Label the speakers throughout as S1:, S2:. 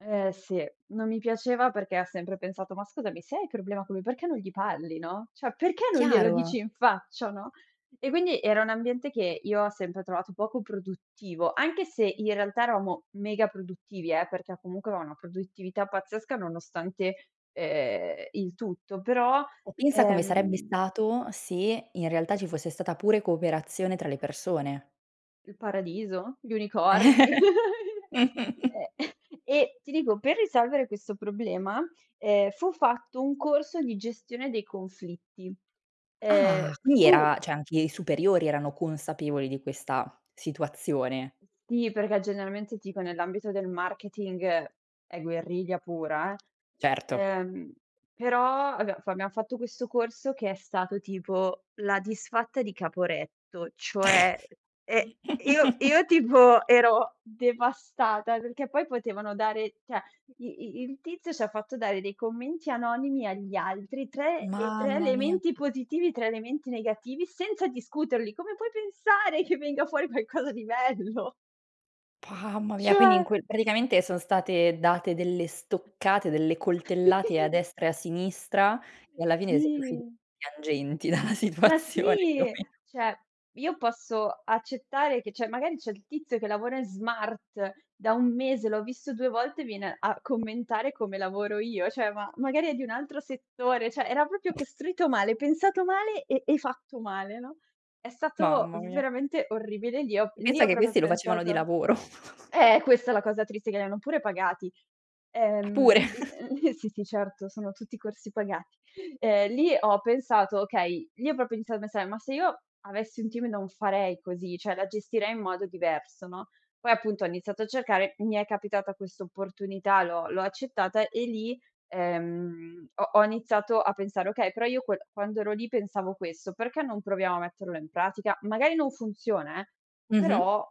S1: Eh, sì. Non mi piaceva, perché ha sempre pensato: "Ma scusami, se hai problema co' lui, perché non gli parli, no, cioè perché non glielo
S2: Chiaro.
S1: dici in faccia, no?" E quindi era un ambiente, che io ho sempre trovato poco produttivo, anche se in realtà eravamo mega produttivi, eh, perché a comunque, ono una produttività pazzesca, nonostante, ehm, il tutto, però
S2: O pensa come sarebbe
S1: ehm
S2: stato, se in realtà, ci fosse stata, pure cooperazione tra le persone.
S1: Il paradiso? Gli unicorni?
S2: Eh.
S1: Eh. E ti dico, per risolvere questo problema, ehm, fu fatto un corso di gestione dei conflitti.
S2: Ah,
S1: Ehm,
S2: quindi
S1: fu
S2: era cioè anche i superiori erano consapevoli di questa situazione.
S1: Ti perché, generalmente, tipo nell'ambito del marketing, è guerriglia pura, eh.
S2: Certo.
S1: Ehm, però abbiam f abbiam fatto questo corso, che è stato tipo la Disfatta di Caporetto, cioè, ehm, e io io, tipo, ero devastata, perché poi potevano dare cioè i i i il tizio ci ha fatto dare dei commenti anonimi agli altri, 3, ehm, 3
S2: Mamma mia.
S1: elementi positivi, 3 elementi negativi, senza discuterli. Come puoi pensare che venga fuori qualcosa di bello?
S2: Mamma mia, quindi in
S1: Cioè.
S2: quel praticamente son state date delle stoccate, delle coltellate a destra e a sinistra, e alla fine siete usciti
S1: Sì.
S2: piangenti dalla
S1: Ma
S2: situazione, più o
S1: sì,
S2: meno.
S1: cioè, io posso accettare che cioè, magari c'è il tizio, che lavora in smart da 1 mese, l'ho visto 2 volte, viene a commentare come lavoro io, cioè, ma magari è di un altro settore, cioè era proprio costruito male, pensato male e e fatto male, no. È stato
S2: Mamma mia.
S1: veramente orribile. Lì ho
S2: E
S1: lì
S2: pensa
S1: ho
S2: che
S1: proprio
S2: questi lo facevano di
S1: pensato
S2: lavoro.
S1: eh questa è la cosa triste, che li hanno pure pagati.
S2: Ah, pure.
S1: Ehm [unintelligible] sì, sì, sì, certo, sono tutti corsi pagati, ehm, lì ho pensato: "Okay" lì ho proprio iniz ma se ma se io avessi un team non farei così, cioè la gestirei in modo diverso, no. Poi, appunto, ho iniziato a cercare, mi è capitata questa opportunità, l'ho l'ho accettata e lì, ehm, ho ho iniziato a pensare: "Okay, però io quel quando ero lì pensavo questo, perché non proviamo a metterlo in pratica? Magari non funziona eh,
S2: Mh-mh.
S1: però,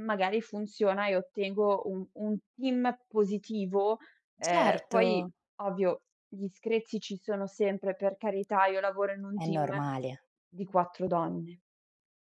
S1: magari funziona, e ottengo un un team positivo." Ehm, poi
S2: Certo.
S1: ovvio gli screzi ci sono sempre, per carità, io lavoro in un
S2: È
S1: team
S2: normale.
S1: di 4 donne.